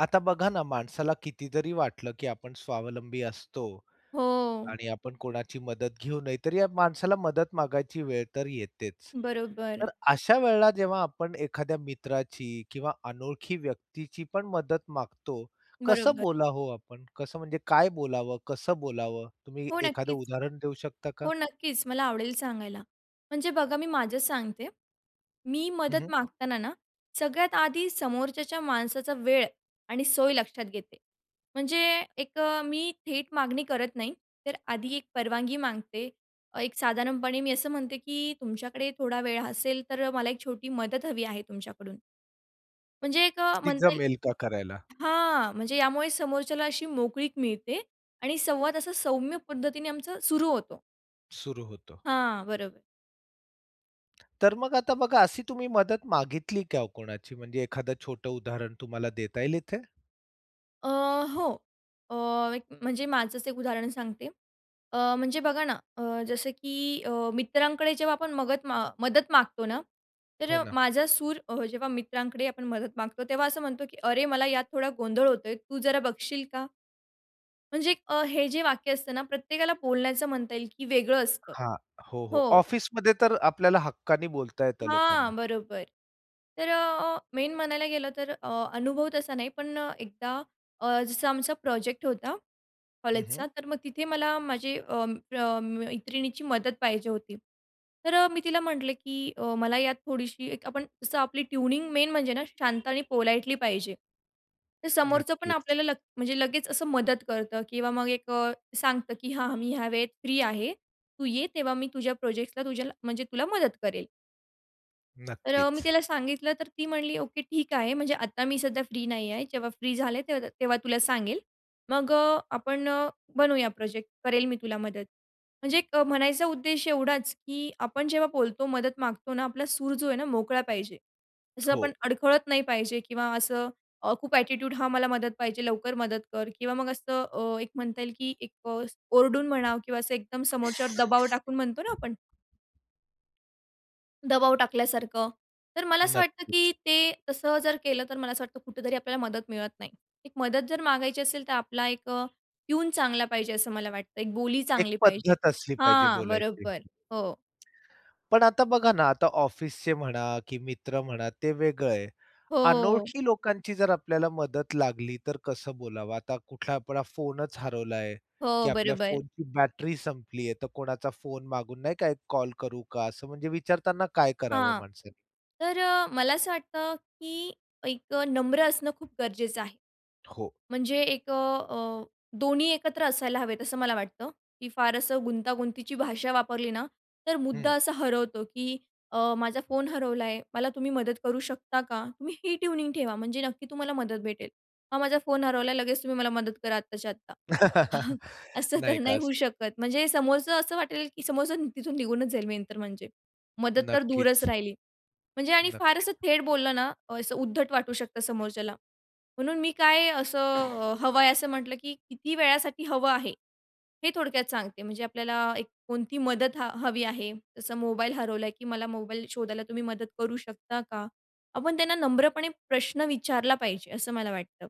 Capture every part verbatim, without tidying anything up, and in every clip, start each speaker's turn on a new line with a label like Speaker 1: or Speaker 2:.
Speaker 1: आता बघा ना, माणसाला कितीतरी वाटलं, की आपण स्वावलंबी असतो
Speaker 2: हो.
Speaker 1: आणि आपण कोणाची मदत घेऊ नयेत, तरी या माणसाला मदत मागायची वेळ तर येतेच.
Speaker 2: बरोबर.
Speaker 1: तर अशा वेळेला जेव्हा आपण एखाद्या मित्राची किंवा अनोळखी व्यक्तीची पण मदत मागतो, कसं
Speaker 2: बरोबर.
Speaker 1: बोला हो आपण? कसं म्हणजे काय बोलावं, कसं बोलावं? तुम्ही
Speaker 2: हो
Speaker 1: एखादं
Speaker 2: नक्कीच
Speaker 1: उदाहरण देऊ शकता का?
Speaker 2: हो नक्कीच मला आवडेल सांगायला. म्हणजे बघा, मी माझं सांगते. मी
Speaker 1: हं,
Speaker 2: मदत
Speaker 1: हं.
Speaker 2: मागताना ना, सगळ्यात आधी समोरच्याचा माणसाचा वेळ आणि सोय लक्षात घेते. म्हणजे एक अ, मी थेट मागणी करत नाही, तर आधी एक परवानगी मागते. एक साधारणपणे मी असं म्हणते की तुमच्याकडे थोडा वेळ असेल, तर मला एक छोटी मदत हवी आहे तुमच्याकडून. म्हणजे एक अ,
Speaker 1: ती
Speaker 2: म्हणता येईल
Speaker 1: जमेल का करायला?
Speaker 2: हां, म्हणजे यामुळे समोरच्याला अशी मोकळीक मिळते आणि संवाद असा सौम्य पद्धतीने आमचा सुरू होतो.
Speaker 1: सुरू होतो.
Speaker 2: हां, बरोबर.
Speaker 1: तर मग आता बघा, अशी तुम्ही मदत मागितली का कोणाची? म्हणजे एखादं छोटं उदाहरण तुम्हाला देता येईल इथे?
Speaker 2: अ, हो अ, एक म्हणजे माझंच एक उदाहरण सांगते. अ, म्हणजे बघा ना, अ, जसं की, अ मित्रांकडे जेव्हा आपण मगत अ, मदत मागतो ना, तर
Speaker 1: हो
Speaker 2: अ,
Speaker 1: ना.
Speaker 2: माझा सूर अ, जेव्हा मित्रांकडे आपण मदत मागतो, तेव्हा असं म्हणतो की अरे, मला यात थोडा गोंधळ होतोय, तू जरा बघशील का? म्हणजे एक अ, हे जे वाक्य असतं ना, प्रत्येकाला बोलण्याचं म्हणता येईल की वेगळं असतं
Speaker 1: हां, हो, हो.
Speaker 2: हो.
Speaker 1: ऑफिसमध्ये तर आपल्याला हक्काने बोलता येतं लोकांना.
Speaker 2: हां, बरोबर. तर अ, अ मेन म्हणायला गेलं तर अ, अनुभव तसा नाही, पण अ, एकदा अ, जसं आमचा प्रोजेक्ट होता,
Speaker 1: हं, हं.
Speaker 2: कॉलेजचा. तर मग तिथे मला माझे अं, अं, मैत्रिणीची मदत पाहिजे होती. तर अ, मी तिला म्हटले की अ, मला यात थोडीशी एक आपण जसं आपली ट्यूनिंग मेन म्हणजे ना शांत आणि पोलाईटली पाहिजे. तर समोरचं पण
Speaker 1: नक्कीच.
Speaker 2: आपल्याला लग म्हणजे लगेच असं मदत करतं किंवा मग एक अ, सांगतं की हां, मी ह्या वेळेत फ्रीआहे, तू ये तेव्हा मी तुझ्या प्रोजेक्ट्सला तुझ्याला म्हणजे तुला मदत करेल. तर अ, मी
Speaker 1: नक्कीच.
Speaker 2: तिला सांगितलं तर ती म्हणली, "ओके, ठीक आहे." म्हणजे आता मी सध्या फ्री नाही आहे. जेव्हा फ्री झाले तर तेव्हा तुला सांगेल. मग अ, आपण अ, बनवूया प्रोजेक्ट. करेल मी तुला मदत. म्हणजे एक म्हणायचा उद्देश एवढाच, की आपण जेव्हा बोलतो, मदत मागतो ना आपला सूर जो आहे ना मोकळा पाहिजे. तसं
Speaker 1: हो.
Speaker 2: आपण अडखळत नाही पाहिजे, किंवा असं अ, खूप ॲटिट्यूड हा मला मदत पाहिजे लवकर मदत कर, किंवा मग असं अ, एक म्हणता येईल की एक [unintelligible] ओरडून म्हणावं किंवा असं एकदम समोरच्यावर दबाव टाकून म्हणतो ना आपण दबाव टाकल्यासारखं. तर मला असं वाटतं, की
Speaker 1: नक्कीच.
Speaker 2: ते तसं जर केलं तर मला असं वाटतं कुठेतरी आपल्याला मदत मिळत नाही. एक मदत जर मागायची असेल तर आपला एक अ, ट्यून चांगला पाहिजे असं मला वाटतं, एक बोली
Speaker 1: एक
Speaker 2: चांगली पाहिजे.
Speaker 1: पद्धत असली पाहिजे
Speaker 2: हां,
Speaker 1: बोलायची.
Speaker 2: बरोबर. हो.
Speaker 1: पण आता बघा ना, आता ऑफिसचे म्हणा की मित्र म्हणा, ते वेगळं आहे.
Speaker 2: हो.
Speaker 1: अनोळखी लोकांची जर आपल्याला मदत लागली, तर कसं बोलावं? आता कुठला आपला फोनच हरवलाय
Speaker 2: हो,
Speaker 1: की आपल्या
Speaker 2: बरोबर.
Speaker 1: फोनची बॅटरी संपली आहे, तर कोणाचा फोन मागून नाही का, एक कॉल करू का, असं म्हणजे विचारताना काय करावं
Speaker 2: हां.
Speaker 1: माणसांनी?
Speaker 2: तर अ, मला असं वाटतं, की एक नम्र असणं खूप गरजेचं आहे.
Speaker 1: हो.
Speaker 2: म्हणजे एक अ, अ, दोन्ही एकत्र असायला हवेत, असं मला वाटतं, की फार असं गुंतागुंतीची भाषा वापरली ना, तर मुद्दा
Speaker 1: हं.
Speaker 2: असा हरवतो, की अ, "माझा फोन हरवला आहे, मला तुम्ही मदत करू शकता का?" तुम्ही ही ट्यूनिंग ठेवा, म्हणजे नक्की तुम्हाला मदत भेटेल. "हा माझा फोन हरवला, लगेच तुम्ही मला मदत करा आत्ताच्या आत्ता," असं तर
Speaker 1: नाही का
Speaker 2: नाही. होऊ
Speaker 1: असं.
Speaker 2: शकत. म्हणजे समोरचं असं वाटेल की समोरचं तिथून निघूनच जाईल मेन तर म्हणजे. मदत तर दूरच
Speaker 1: नक्कीच.
Speaker 2: राहिली. म्हणजे आणि फार
Speaker 1: नक्कीच.
Speaker 2: असं थेट बोललं ना, अ, असं उद्धट वाटू शकतं समोरच्याला. म्हणून मी काय असं हवं आहे, असं म्हटलं, की किती वेळासाठी हवं आहे, हे थोडक्यात सांगते. म्हणजे आपल्याला एक कोणती मदत ह हवी आहे, जसं मोबाईल हरवला आहे, की "मला मोबाईल शोधायला तुम्ही मदत करू शकता का?" आपण त्यांना नम्रपणे प्रश्न विचारला पाहिजे, असं मला वाटतं.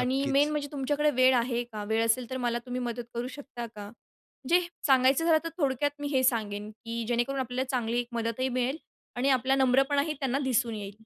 Speaker 2: आणि मेन म्हणजे, "तुमच्याकडे वेळ आहे का? वेळ असेल तर मला तुम्ही मदत करू शकता का?" म्हणजे सांगायचं झालं तर थोडक्यात मी हे सांगेन, की जेणेकरून आपल्याला चांगली मदतही मिळेल आणि आपला नम्रपणाही त्यांना दिसून येईल.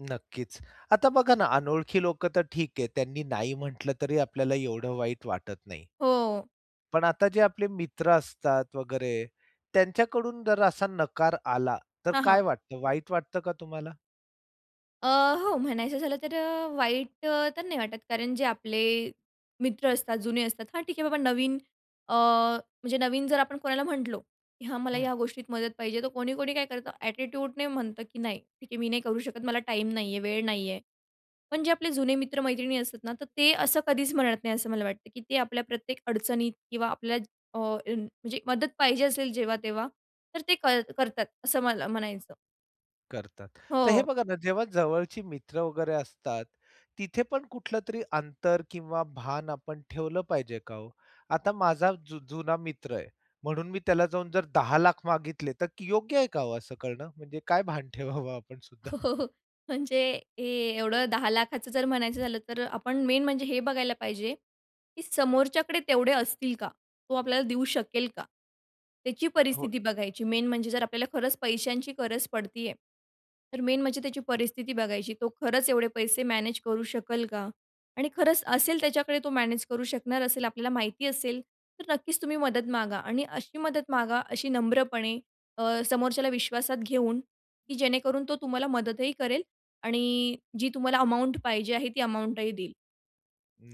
Speaker 1: नक्कीच. आता बघा ना, अनोळखी लोकं तर ठीक आहे, त्यांनी नाही म्हटलं तरी आपल्याला एवढं वाईट वाटत नाही.
Speaker 2: हो.
Speaker 1: पण आता जे आपले मित्र असतात वगैरे त्यांच्याकडून जर असा नकार आला तर
Speaker 2: हां,
Speaker 1: काय
Speaker 2: हां.
Speaker 1: वाटतं? वाईट वाटतं का तुम्हाला?
Speaker 2: अ, हो म्हणायचं झालं तर अ, वाईट तर नाही वाटत कारण जे आपले मित्र असतात, जुने असतात, हां, ठीक आहे बाबा नवीन अ, म्हणजे नवीन जर आपण कोणाला म्हटलो, की हां, मला
Speaker 1: हं.
Speaker 2: ह्या गोष्टीत मदत पाहिजे, तर कोणी कोणी काय करतं एटिट्यूड नाही म्हणतं, की नाही, ठीक आहे मी नाही करू शकत, मला टाईम नाही आहे, वेळ नाही आहे. पण जे आपले जुने मित्र-मैत्रिणी असतात ना तर ते असं कधीच म्हणत नाही असं मला वाटतं, की ते आपल्या प्रत्येक अडचणीत किंवा आपल्या अ, म्हणजे मदत पाहिजे असेल जेव्हा-तेव्हा तर ते कर करतात. असं मला म्हणायचं.
Speaker 1: करतात. तर हे
Speaker 2: हो.
Speaker 1: बघा ना, जेव्हा जवळचे मित्र वगैरे असतात. तिथे पण कुठलं तरी अंतर किंवा भान आपण ठेवलं पाहिजे का ओ? आता माझा जु जुना मित्र आहे म्हणून मी त्याला जाऊन जर दहा लाख मागितले तर योग्य आहे का ओ असं करण? म्हणजे काय भान ठेवावं आपण सुद्धा?
Speaker 2: हो, हो, हो. म्हणजे हे एवढं दहा लाखाचं लाखाचं जर म्हणायचं झालं तर आपण मेन म्हणजे हे बघायला पाहिजे, की समोरच्याकडे तेवढे असतील का? तो आपल्याला देऊ शकेल का? त्याची
Speaker 1: हो.
Speaker 2: परिस्थिती बघायची मेन म्हणजे जर आपल्याला खरंच पैशांची गरज पडती आहे, तर मेन म्हणजे त्याची परिस्थिती बघायची. तो खरंच एवढे पैसे मॅनेज करू शकेल का आणि खरंच असेल त्याच्याकडे, तो मॅनेज करू शकणार असेल, आपल्याला माहिती असेल तर नक्कीच तुम्ही मदत मागा आणि अशी मदत मागा, अशी नम्रपणे अ, समोरच्याला विश्वासात घेऊन, की जेणेकरून तो तुम्हाला मदतही करेल आणि जी तुम्हाला अमाउंट पाहिजे आहे ती अमाउंटही देईल.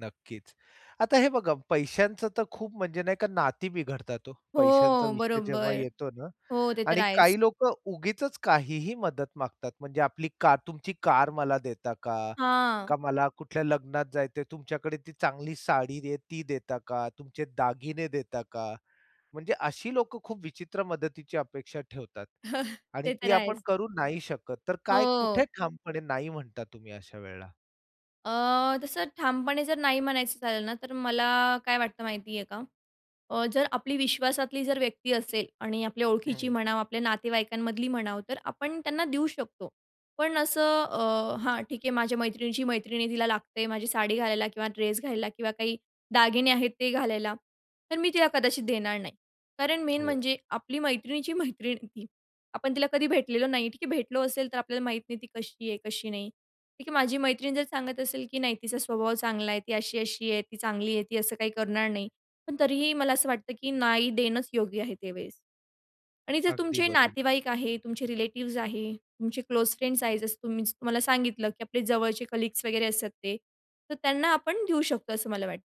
Speaker 1: नक्कीच, आता हे बघा, पैशांचं तर खूप, म्हणजे नाही का, नाती बिघडतात हो, पैशांचा
Speaker 2: हो,
Speaker 1: विषय जेव्हा
Speaker 2: बरोबर.
Speaker 1: येतो ना.
Speaker 2: हो, ते तर
Speaker 1: आणि
Speaker 2: आहेच.
Speaker 1: काही लोकं उगीचच काहीही मदत मागतात, म्हणजे आपली का तुमची कार मला देता का,
Speaker 2: हां.
Speaker 1: का मला कुठल्या लग्नात जायचं आहे, तुमच्याकडे ती चांगली साडी आहे, ती देता का, तुमचे दागिने देता का? म्हणजे अशी लोकं खूप विचित्र मदतीची अपेक्षा ठेवतात आणि
Speaker 2: ते तर
Speaker 1: ती आपण
Speaker 2: आहेच.
Speaker 1: करू नाही शकत, तर काय, कुठे
Speaker 2: हो.
Speaker 1: ठामपणे नाही म्हणता तुम्ही अशा वेळेला?
Speaker 2: अ, तसं ठामपणे जर नाही म्हणायचं, झालं ना, तर मला काय वाटतं माहिती आहे का, अ, जर आपली विश्वासातली जर व्यक्ती असेल आणि आपल्या ओळखीची
Speaker 1: हं.
Speaker 2: म्हणावं, आपल्या नातेवाईकांमधली म्हणावं, तर आपण त्यांना देऊ शकतो. पण असं अ, हां, ठीक आहे, माझ्या मैत्रिणीची मैत्रीण, तिला लागते माझी साडी घालायला किंवा ड्रेस घालायला किंवा काही दागिने आहेत ते घालायला, तर मी तिला कदाचित देणार नाही. कारण मेन
Speaker 1: हो.
Speaker 2: म्हणजे आपली मैत्रिणीची मैत्रीण आहे ती आपण तिला कधी भेटलेलो नाही. ठीक आहे, भेटलो असेल, तर आपल्याला माहीत नाही ती कशी आहे, कशी नाही. ठीक आहे, माझी मैत्रीण जर सांगत असेल, की नाही, तिचा स्वभाव चांगला आहे, ती अशी-अशी आहे, ती चांगली आहे, ती असं काही करणार नाही. पण तरीही मला असं वाटतं, की नाही, देणंच योग्य आहे ते वेळेस. आणि जर
Speaker 1: अगदी
Speaker 2: तुमचे
Speaker 1: बरोबर.
Speaker 2: नातेवाईक आहे, तुमचे रिलेटिव्स आहे, तुमचे क्लोज फ्रेंड्स आहेत, जसं तुम्ही तुम्हाला सांगितलं, की आपले जवळचे कलीग्स वगैरे असतात ते, तर त्यांना आपण देऊ शकतो, असं मला वाटत.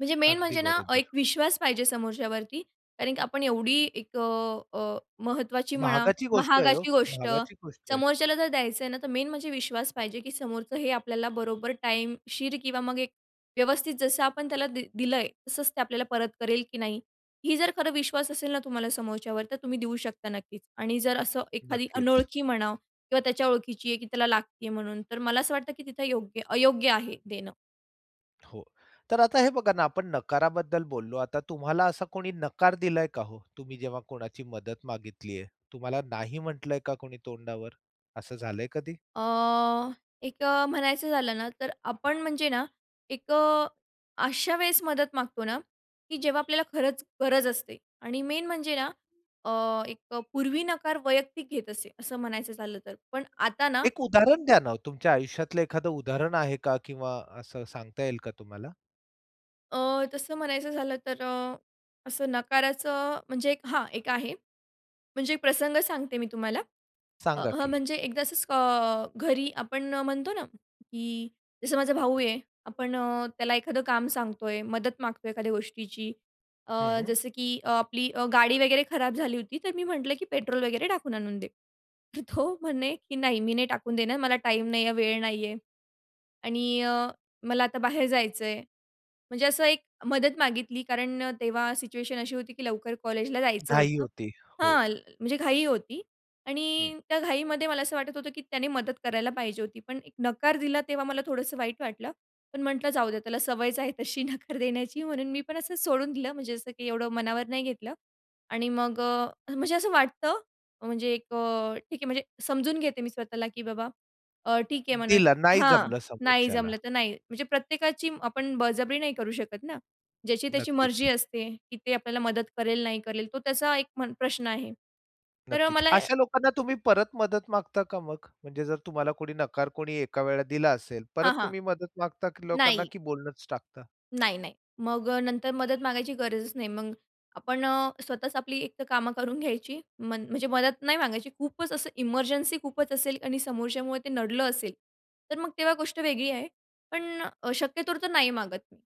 Speaker 2: म्हणजे मेन
Speaker 1: अगदी
Speaker 2: म्हणजे ना, एक
Speaker 1: बरोबर.
Speaker 2: विश्वास पाहिजे समोरच्यावरती कारण की आपण एवढी एक अ, अ, महत्त्वाची म्हणा,
Speaker 1: महागाची गोष्ट आहे ओ,
Speaker 2: महागाची गोष्ट
Speaker 1: महागाची गोष्ट आहे.
Speaker 2: समोरच्याला जर द्यायचं आहे ना, तर मेन म्हणजे विश्वास पाहिजे की समोरचं हे आपल्याला बरोबर टाइमशीर किंवा मग एक व्यवस्थित जसं आपण त्याला दिलं आहे तसंच ते आपल्याला परत करेल की नाही? ही जर खरं विश्वास असेल ना, तुम्हाला समोरच्यावर तर तुम्ही देऊ शकता नक्कीच आणि जर असं एखादी
Speaker 1: नक्कीच.
Speaker 2: अनोळखी म्हणा किंवा त्याच्या ओळखीची आहे की त्याला लागती आहे म्हणून, तर मला असं वाटतं की तिथं योग्य अयोग्य आहे देणं.
Speaker 1: हो तर आता हे बघा ना, आपण नकाराबद्दल बोललो आता तुम्हाला असा कोणी नकार दिलाय का ओ? तुम्ही जेव्हा कोणाची मदत मागितली आहे तुम्हाला नाही म्हटलंय का कोणी तोंडावर? असं झालंय कधी?
Speaker 2: अ, एक अ, म्हणायचं झालं ना, तर आपण म्हणजे ना, एक अ, अशा वेळेस मदत मागतो ना, की जेव्हा आपल्याला खरंच गरज असते. आणि मेन म्हणजे ना, अ, एक अ, पूर्वी नकार वैयक्तिक घेत असे असं म्हणायचं झालं तर. पण आता ना
Speaker 1: एक उदाहरण द्या ना, ओ. तुमच्या आयुष्यातलं एखादं उदाहरण आहे का किंवा असं सांगता येईल का तुम्हाला?
Speaker 2: अ, तसं म्हणायचं झालं तर अ, असं नकाराचं म्हणजे एक हां, एक आहे. म्हणजे एक प्रसंग सांगते मी तुम्हाला. अ,
Speaker 1: सांगा
Speaker 2: हं,
Speaker 1: की?
Speaker 2: म्हणजे एकदा असंच अ, घरी आपण अ, म्हणतो ना, की जसं माझा भाऊ आहे, आपण अ, त्याला एखादं काम सांगतोय. मदत मागतोय, एखाद्या गोष्टीची. अ,
Speaker 1: हं.
Speaker 2: जसं की अ, आपली अ, गाडी वगैरे खराब झाली होती. तर मी म्हटलं, की पेट्रोल वगैरे टाकून आणून दे. तर तो म्हणे, की नाही मी नाही टाकून देणार, मला टाईम नाही आहे, वेळ नाही आहे. आणि अ, मला आता बाहेर जायचं आहे. म्हणजे असं एक मदत मागितली कारण अ, तेव्हा सिच्युएशन अशी होती, की लवकर कॉलेजला जायचं
Speaker 1: घाई
Speaker 2: होतं.
Speaker 1: होती, हो.
Speaker 2: हां, ल म्हणजे घाई होती,
Speaker 1: हं.
Speaker 2: आणि त्या घाईमध्ये मला असं वाटत होतं, की त्याने मदत करायला पाहिजे होती, पण एक नकार दिला तेव्हा मला थोडंसं वाईट वाटलं. पण म्हटलं जाऊ द्या, त्याला सवयच आहे तशी नकार देण्याची. म्हणून मी पण असं सोडून दिलं. म्हणजे असं, की एवढं मनावर नाही घेतलं. आणि मग अ अ, म्हणजे असं वाटतं, म्हणजे एक अ ठीक आहे म्हणजे समजून घेते मी स्वतःला, की बाबा अ, ठीक आहे म्हणा
Speaker 1: दिला. नाही
Speaker 2: हां,
Speaker 1: जमलं
Speaker 2: नाही
Speaker 1: समोरच्याला.
Speaker 2: जमलं, तर नाही. म्हणजे प्रत्येकाची आपण बळजबरी नाही करू शकत ना. ज्याची त्याची
Speaker 1: नक्कीच.
Speaker 2: मर्जी असते, की ते आपल्याला मदत करेल, नाही करेल. तो त्याचा एक म्हण प्रश्न आहे. तर अ,
Speaker 1: नक्कीच.
Speaker 2: मला
Speaker 1: अशा लोकांना तुम्ही परत मदत मागता का मग? म्हणजे जर तुम्हाला कोणी नकार कोणी एका वेळेला दिला असेल,
Speaker 2: हां,
Speaker 1: परत
Speaker 2: हां.
Speaker 1: तुम्ही मदत मागता की लोकांना
Speaker 2: नाही.
Speaker 1: की बोलणंच टाकता?
Speaker 2: नाही, नाही. मग अ, नंतर मदत मागायची गरजच नाही. मग आपण अ, स्वतःच आपली एक तर कामं करून घ्यायची. म्हण म्हणजे मदत नाही मागायची. खूपच असं, इमर्जन्सी खूपच असेल आणि समोरच्यामुळे ते नडलं असेल, तर मग तेव्हा गोष्ट वेगळी आहे. पण अ, शक्यतो तर नाही मागत मी.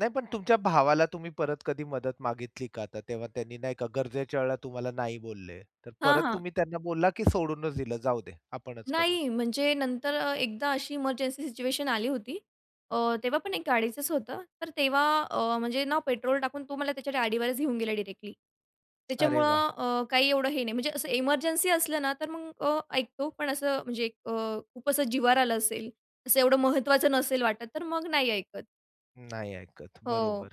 Speaker 1: नाही. पण तुमच्या भावाला तुम्ही परत कधी मदत मागितली का? आता तेव्हा त्यांनी नाही का गरजेच्या वेळेला तुम्हाला नाही बोलले, तर
Speaker 2: हां,
Speaker 1: परत
Speaker 2: हां.
Speaker 1: तुम्ही त्यांना बोलला, की सोडूनचं दिलं जाऊ दे आपणचं करू?
Speaker 2: नाही, म्हणजे नंतर अ, एकदा अशी इमर्जन्सी सिच्युएशन आली होती. अ, तेव्हा पण एक गाडीचंच होतं, तर तेव्हा अ, म्हणजे ना पेट्रोल टाकून तो मला त्याच्या गाडीवरच घेऊन गेला डायरेक्टली.
Speaker 1: अरे, वाह!
Speaker 2: त्याच्यामुळं अ, काही एवढं हे नाही म्हणजे असं एमर्जन्सी असलं ना तर मग अ, ऐकतो. पण असं म्हणजे अ, खूप असं जिवार आलं असेल असं एवढं महत्त्वाचं नसेल वाटत, तर मग नाही ऐकत.
Speaker 1: नाही. ऐकत
Speaker 2: हो.
Speaker 1: बरोबर.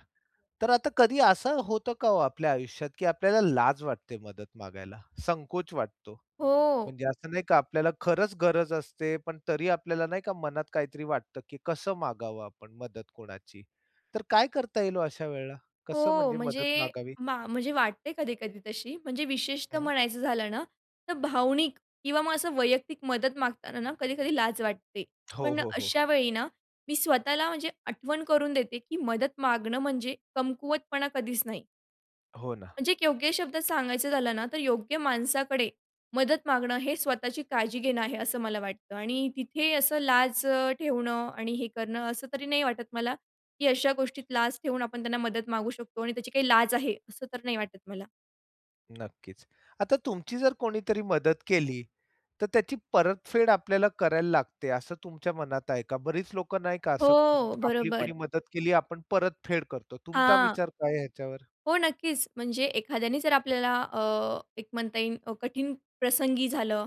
Speaker 1: तर आता कधी असं होतं का हो आपल्या आयुष्यात, की आपल्याला लाज वाटते मदत मागायला, संकोच वाटतो?
Speaker 2: हो.
Speaker 1: म्हणजे असं नाही का आपल्याला खरंच गरज असते, पण तरी आपल्याला नाही का मनात काहीतरी वाटतं, की कसं मागावं आपण मदत कोणाची, तर काय करता येईल हो अशा वेळेला, कसं
Speaker 2: हो,
Speaker 1: म्हणजे मदत
Speaker 2: म्हणजे
Speaker 1: मागावी?
Speaker 2: मा म्हणजे वाटते कधी-कधी तशी. म्हणजे विशेषतः
Speaker 1: हं.
Speaker 2: म्हणायचं झालं ना तर भावनिक किंवा मग असं वैयक्तिक मदत मागताना ना कधी-कधी लाज वाटते.
Speaker 1: हो,
Speaker 2: पण
Speaker 1: हो, हो.
Speaker 2: अशा वेळी ना मी स्वतःला म्हणजे आठवण करून देते, की मदत मागणं म्हणजे कमकुवतपणा कधीच नाही.
Speaker 1: हो ना.
Speaker 2: म्हणजे, एक योग्य शब्दात सांगायचं झालं ना, तर योग्य माणसाकडे मदत मागणं हे स्वतःची काळजी घेणं आहे, असं मला वाटतं. आणि तिथे असं लाज ठेवणं आणि हे करणं, असं तरी नाही वाटत मला, की अशा गोष्टीत लाज ठेवून आपण त्यांना मदत मागू शकतो आणि त्याची काही लाज आहे, असं तर नाही वाटत मला.
Speaker 1: नक्कीच. आता तुमची जर कोणीतरी मदत केली, तर त्याची परतफेड आपल्याला करायला लागते, असं तुमच्या मनात आहे का? बरीच लोकं नाही का, असं
Speaker 2: हो,
Speaker 1: आपली कोणी
Speaker 2: बरोबर.
Speaker 1: मदत केली, आपण परतफेड करतो. तुमचा
Speaker 2: हां.
Speaker 1: विचार काय आहे याच्यावर?
Speaker 2: हो, नक्कीच, म्हणजे एखाद्याने जर आपल्याला अ, एक म्हणता येईल, कठीण प्रसंगी, झालं,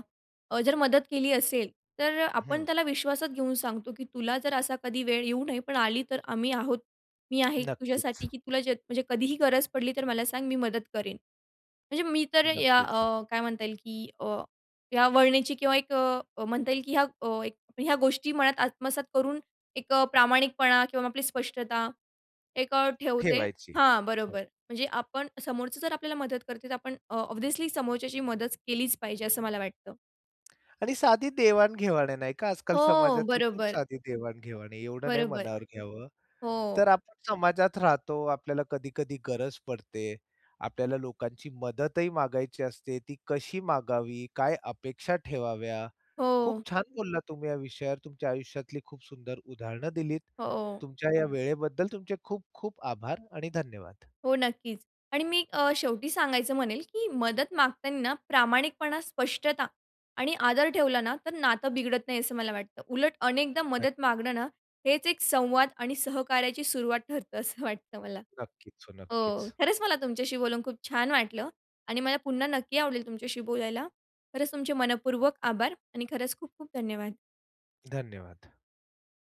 Speaker 2: अ, जर मदत केली असेल, तर आपण
Speaker 1: हं.
Speaker 2: त्याला विश्वासात घेऊन सांगतो, की तुला जर असा कधी वेळ येऊ नये, पण आली, तर आम्ही आहोत, मी आहे
Speaker 1: नक्कीच.
Speaker 2: तुझ्यासाठी, की तुला जे, म्हणजे कधीही गरज पडली, तर मला सांग, मी मदत करेन. म्हणजे मी तर या
Speaker 1: नक्कीच.
Speaker 2: अ, काय म्हणता येईल, की अ, या वळणाची, किंवा एक अ, म्हणता येईल, की या अ, ह्या गोष्टी मनात आत्मसात करून, एक प्रामाणिकपणा किंवा आपली स्पष्टता एक ठेवते
Speaker 1: ठेवायची.
Speaker 2: हां,
Speaker 1: हो.
Speaker 2: बरोबर. म्हणजे आपण समोरचं जर आपल्याला मदत करते, तर आपण अ, ऑब्व्हियसली समोरच्याची मदत केलीच पाहिजे, असं मला वाटतं.
Speaker 1: आणि साधी देवाण-घेवाण आहे, नाही का, आजकाल
Speaker 2: हो,
Speaker 1: समाजातली, खूप
Speaker 2: बरोबर.
Speaker 1: साधी देवाण-घेवाण आहे. एवढं नाही
Speaker 2: बरोबर.
Speaker 1: मनावर घ्यावं,
Speaker 2: हो.
Speaker 1: तर आपण समाजात राहतो, आपल्याला कधी-कधी गरज पडते, आपल्याला लोकांची मदतही मागायची असते. ती कशी मागावी, काय अपेक्षा ठेवाव्या, खूप
Speaker 2: हो.
Speaker 1: छान बोललात तुम्ही या विषयावर. तुमच्या आयुष्यातली खूप सुंदर उदाहरणं दिलीत.
Speaker 2: हो.
Speaker 1: तुमच्या या वेळेबद्दल तुमचे खूप खूप आभार आणि धन्यवाद.
Speaker 2: हो, नक्कीच. आणि मी अ, शेवटी सांगायचं म्हणेल, की मदत मागताना प्रामाणिकपणा, स्पष्टता आणि आदर ठेवला ना, तर नातं बिघडत नाही, असं मला वाटतं. उलट, अनेकदा मदत
Speaker 1: नक्की.
Speaker 2: मागणं ना, हेच एक संवाद आणि सहकार्याची सुरुवात ठरतं, असं वाटतं मला
Speaker 1: नक्कीच, हो
Speaker 2: हो.
Speaker 1: नक्कीच.
Speaker 2: खरंच मला तुमच्याशी बोलून खूप छान वाटलं आणि मला पुन्हा नक्की आवडेल तुमच्याशी बोलायला. खरंच तुमचे मनःपूर्वक आभार आणि खरंच खूप खूप धन्यवाद.
Speaker 1: धन्यवाद.